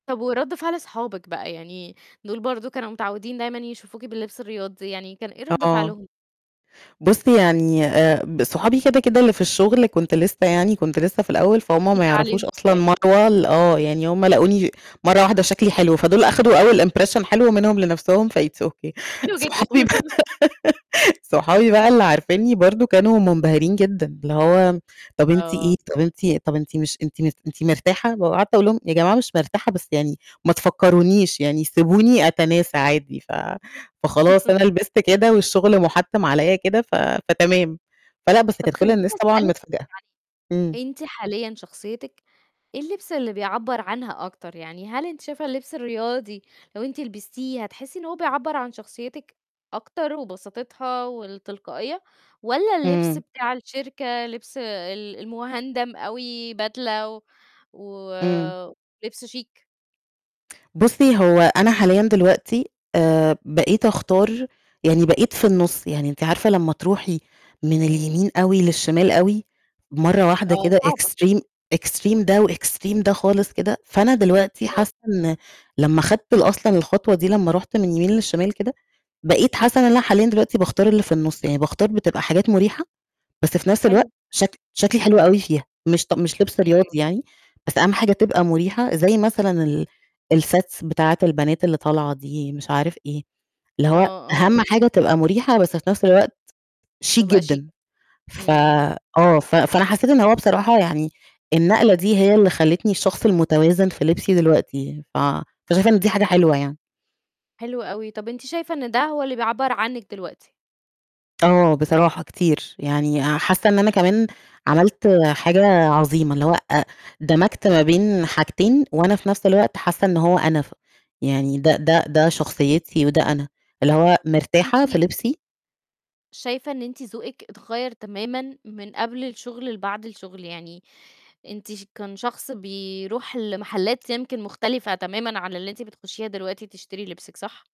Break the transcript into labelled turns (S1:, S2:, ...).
S1: طب ورد فعل صحابِك بقى يعني، دول برضو كانوا متعودين دايمًا يشوفوكِ باللبس الرياضي، يعني كان إيه رد
S2: آه.
S1: فعلهم؟
S2: بُصي يعني، آآ، ب صحابي كده، كده، اللي في الشغل كنت لسه يعني كنت لسه في الأول، فهُم ما
S1: جديدة
S2: يعرفوش
S1: عليهم
S2: أصلًا
S1: شوية.
S2: مروة ال آه، يعني هُم لاقوني مرة واحدة شكلي حلو، فدول أخدوا أول impression حلو منهم لنَفسهم، فit's okay.
S1: حلو جدًا.
S2: صحابي بقى صحابي بقى اللي عارفينني برضو كانوا منبهرين جدًا، اللي هو: "طَب أنتِ إيه؟
S1: آه.
S2: طَب أنتِ طَب أنتِ مش أنتِ م أنتِ مرتاحة؟" وقعدت أقول لهم: "يا جماعة مش مرتاحة بس يعني ما تفكرونيش يعني سيبوني أتناسى عادي." ف فخلاص أنا لِبست كده والشغل مُحتِّم عليّا كده ف فتمام. فلا بس
S1: طَب
S2: كانت كل
S1: خلّيني
S2: الناس طبعًا
S1: أسألِك
S2: متفاجئة. إمم.
S1: يعني، أنتِ حاليًا شخصيتِك إيه اللبس اللي بيعبّر عنها أكتر؟ يعني هل أنتِ شايفة اللبس الرياضي لو أنتِ لبستيه هتحسي إن هو بيعبّر عن شخصيتِك أكتر وبساطتها والتلقائية، والّا اللبس
S2: إمم.
S1: بتاع الشركة، لبس ال المُهندم أوي بدلة و
S2: إمم.
S1: ولِبس شيك؟
S2: بُصي هو أنا حاليًا دلوقتي، آآ، بقيت أختار يعني بقيت في النُص، يعني أنتِ عارفة لما تروحي من
S1: إمم.
S2: اليمين أوي للشمال أوي مرّة واحدة
S1: آه
S2: كده
S1: صعبة.
S2: extreme، extreme ده وextreme ده خالص كده، فأنا دلوقتي
S1: آه.
S2: حاسة إن لما خدت أصلًا الخطوة دي لما رُحت من اليمين للشمال كده بقيت حاسة إن أنا حاليًا دلوقتي باختار اللي في النُص، يعني باختار بتبقى حاجات مُريحة بس في نَفس الوقت
S1: حلو.
S2: شك شكلي حلو أوي فيها. مش ط مش لِبس
S1: امم.
S2: رياضي يعني، بس أهم حاجة تبقى مُريحة زَي مثلًا ال الsets بتاعِة البنات اللي طالعة دي مش عارف إيه. اللي
S1: آه،
S2: هو
S1: آه.
S2: أهم حاجة تبقى مريحة بس في نَفس الوقت شيك
S1: تبقى شيك.
S2: جدًا. ف
S1: إمم.
S2: آه، ف فأنا حسيت إن هو بصراحة يعني النقلة دي هي اللي خلتني الشخص المتوازن في لبسي دلوقتي، ف فشايفة إن دي حاجة حلوة يعني.
S1: حلو أوي. طَب أنتِ شايفة إن ده هو اللي بيعبّر عنِك دلوقتي؟
S2: آه بصراحة كتير، يعني حاسة إن أنا كمان عملت حاجة عظيمة اللي هو، أ دمجت ما بين حاجتين وأنا في نَفس الوقت حاسة إن هو أنا، ف يعني ده ده ده شخصيتي وده أنا، اللي هو مرتاحة في
S1: أنتِ
S2: لِبسي
S1: شايفة إن أنتِ ذوقِك اتغيّر تمامًا من قبل الشغل لبعد الشغل، يعني أنتِ ش كان شخص بيروح لمحلات يمكن مختلفة تمامًا عن اللي أنتِ بتخشيها دلوقتي تشتري لبسِك، صح؟